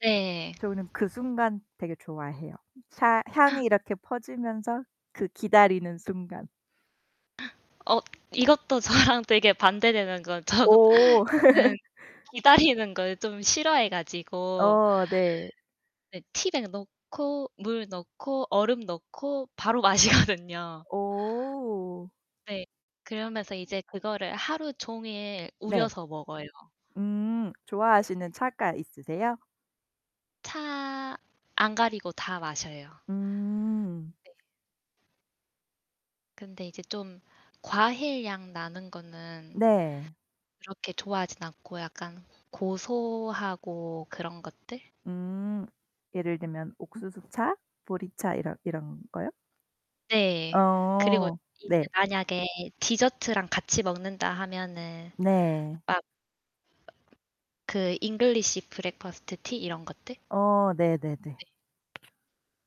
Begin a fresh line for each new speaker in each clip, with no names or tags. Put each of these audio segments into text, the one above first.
네.
저는 그 순간 되게 좋아해요. 차 향이 이렇게 퍼지면서 그 기다리는 순간.
어 이것도 저랑 되게 반대되는 거 저
오.
저는 기다리는 걸 좀 싫어해 가지고.
어 네.
네 티백 넣고 물 넣고 얼음 넣고 바로 마시거든요.
오.
네. 그러면서 이제 그거를 하루 종일
네.
우려서 먹어요.
음.
네.
좋아하시는 차가 있으세요?
차 안 가리고 다 마셔요.
음.
네. 근데 이제 좀 과일향 나는 거는
네.
그렇게 좋아하진 않고 약간 고소하고 그런 것들?
음. 예를 들면 옥수수차, 보리차 이런 이런거요?
네. 그리고
어.
이제
네.
만약에 디저트랑 같이 먹는다 하면은
네.
막 그 잉글리시 브렉퍼스트 티 이런 것들.
어 네네네.
네.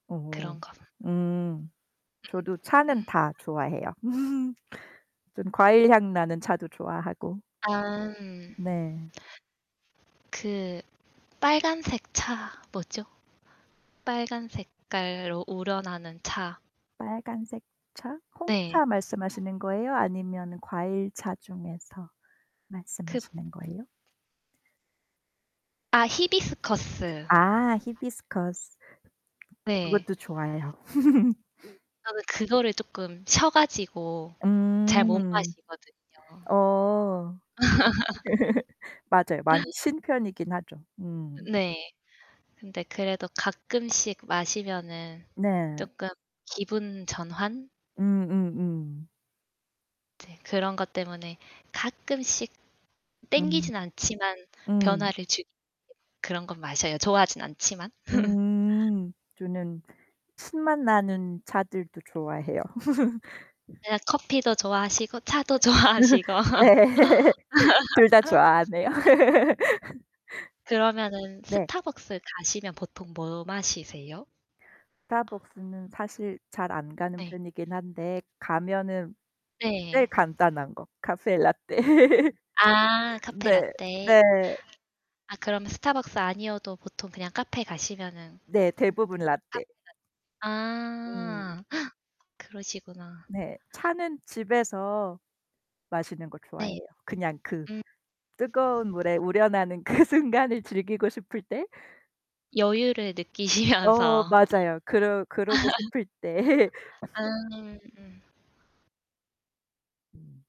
어.
그런거.
음. 저도 차는 다 좋아해요. 전 과일향 나는 차도 좋아하고.
아.
네.
그 빨간색 차 뭐죠? 빨간 색깔로 우러나는 차.
빨간색 차,
네.
홍차 말씀하시는 거예요? 아니면 과일차 중에서
그
말씀하시는 거예요?
아 히비스커스.
아 히비스커스.
네.
그것도 좋아해요.
저는 그거를 조금 셔 가지고 잘 못
음.
마시거든요.
어. 맞아요. 많이 신 편이긴 하죠. 음.
네. 근데 그래도 가끔씩 마시면은
네.
쪼끔 기분 전환?
음음음.
이제 그런 것 때문에 가끔씩
음.
땡기진 않지만
음.
변화를 주기 위해서 그런 건 마셔요, 좋아하진 않지만.
음. 저는 신맛 나는 차들도 좋아해요.
네. 커피도 좋아하시고 차도 좋아하시고.
네. 둘 다 좋아하네요.
그러면은
네.
스타벅스 가시면 보통 뭐 마시세요?
스타벅스는 사실 잘 안 가는
네.
편이긴 한데 가면은 제일
네.
간단한 거, 카페라테.
아
네.
카페라테.
네.
아 그럼 스타벅스 아니어도 보통 그냥 카페 가시면은
네, 대부분 라테.
[unintelligible]
음.
아. 그러시구나.
네. 차는 집에서 마시는 걸
네.
좋아해요. 그냥 그
음.
뜨거운 물에 우려 나는 그 순간을 즐기고 싶을 때.
여유를
어
느끼시면서.
맞아요. 그러 그러고 싶을 때.
아. 음.
음.